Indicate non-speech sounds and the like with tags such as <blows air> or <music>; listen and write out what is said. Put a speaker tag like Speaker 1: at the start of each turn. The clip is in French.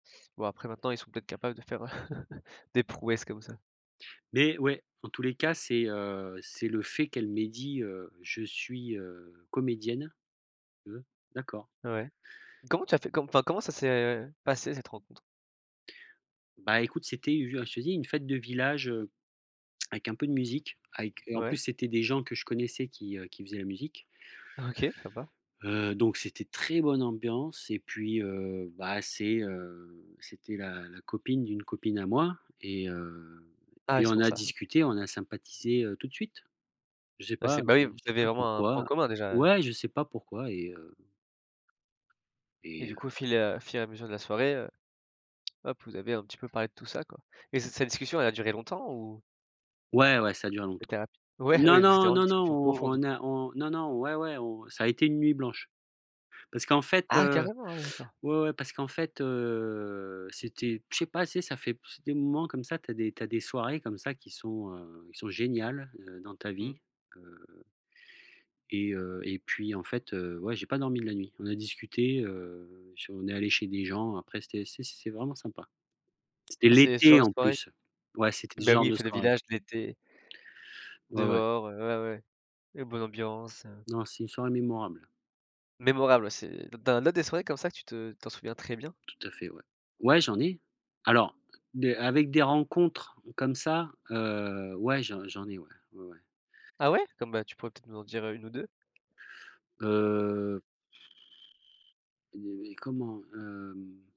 Speaker 1: Bon après maintenant ils sont peut-être capables de faire, heu, <chuckles> des prouesses comme ça.
Speaker 2: Mais ouais, dans tous les cas, c'est, heu, c'est le fait qu'elle m'ait dit, heu: «Je suis, heu, comédienne», mmh mh, d'accord.
Speaker 1: Ouais. Comment tu as fait? Co enfin, comment ça s'est passé cette rencontre?
Speaker 2: Bah, écoute, c'était, heu, je te dis une fête de village, heu, avec un peu de musique avec, heu et en
Speaker 1: Ouais.
Speaker 2: plus c'était des gens que je connaissais qui, heu, qui faisaient la musique
Speaker 1: OK! Sympa.
Speaker 2: heu, donc c'était très bonne ambiance et puis, heu, bah, c'est, heu, c'était la la copine d'une copine à moi et heu,
Speaker 1: Ah ouais,
Speaker 2: puis
Speaker 1: c'est
Speaker 2: on
Speaker 1: pour
Speaker 2: a
Speaker 1: ça. OK.
Speaker 2: discuté, on a sympathisé, heu, tout de suite. Je sais
Speaker 1: Ah c'est
Speaker 2: pas,
Speaker 1: bah oui,
Speaker 2: je
Speaker 1: vous
Speaker 2: sais
Speaker 1: avez
Speaker 2: pas
Speaker 1: vraiment un point
Speaker 2: pourquoi,
Speaker 1: commun déjà, heu
Speaker 2: ouais, je sais pas pourquoi et heu
Speaker 1: et
Speaker 2: et
Speaker 1: du
Speaker 2: heu
Speaker 1: coup fil, heu, fur et à mesure de la soirée, heu, hop, vous avez un petit peu parlé de tout ça, quoi et cette cette discussion, elle a duré longtemps ou
Speaker 2: Ouais, ouais, ça a duré longtemps.
Speaker 1: c'était rapide? Ouais,
Speaker 2: Non,
Speaker 1: oui, c'était
Speaker 2: non,
Speaker 1: vraiment une
Speaker 2: non, non,
Speaker 1: discussion
Speaker 2: on
Speaker 1: profonde,
Speaker 2: on
Speaker 1: quoi.
Speaker 2: a on non, non, ouais, ouais, on ça a été une nuit blanche parce qu'en fait,
Speaker 1: Ah!
Speaker 2: heu,
Speaker 1: Carrément, ah ouais, d'accord.
Speaker 2: ouais, ouais, parce qu'en fait, heu, c'était je sais pas c'est ça fait, <blows air> il y a des moments comme ça, tu as des tu as des soirées comme ça qui sont, heu heu, qui sont géniales, heu, dans ta
Speaker 1: Mmh.
Speaker 2: vie, heu et heu et puis, en fait, heu, ouais, j'ai pas dormi de la nuit. On a discuté, heu, je suis on est allé chez des gens après, c'était c'est c'est vraiment sympa. C'était
Speaker 1: C'est ce genre
Speaker 2: l'été
Speaker 1: de
Speaker 2: en
Speaker 1: soirée?
Speaker 2: plus. Ouais, c'était ce
Speaker 1: Ben,
Speaker 2: genre
Speaker 1: oui, les
Speaker 2: de
Speaker 1: fêtes de
Speaker 2: soirée.
Speaker 1: village, l'été
Speaker 2: Ouais, ouais.
Speaker 1: dehors, heu, ouais, ouais, une bonne ambiance, heu
Speaker 2: Non, c'est une soirée mémorable.
Speaker 1: Mémorable, ouais, c'est dans là des soirées comme ça, que tu te t'en souviens très bien?
Speaker 2: Tout à fait, ouais. Ouais, j'en ai, alors des avec des rencontres comme ça, heu, ouais, j'en j'en ai, ouais, ouais, ouais.
Speaker 1: Ah ouais? Comme bah, tu pourrais peut-être nous en dire 1 ou 2?
Speaker 2: Heu et et comment, hem?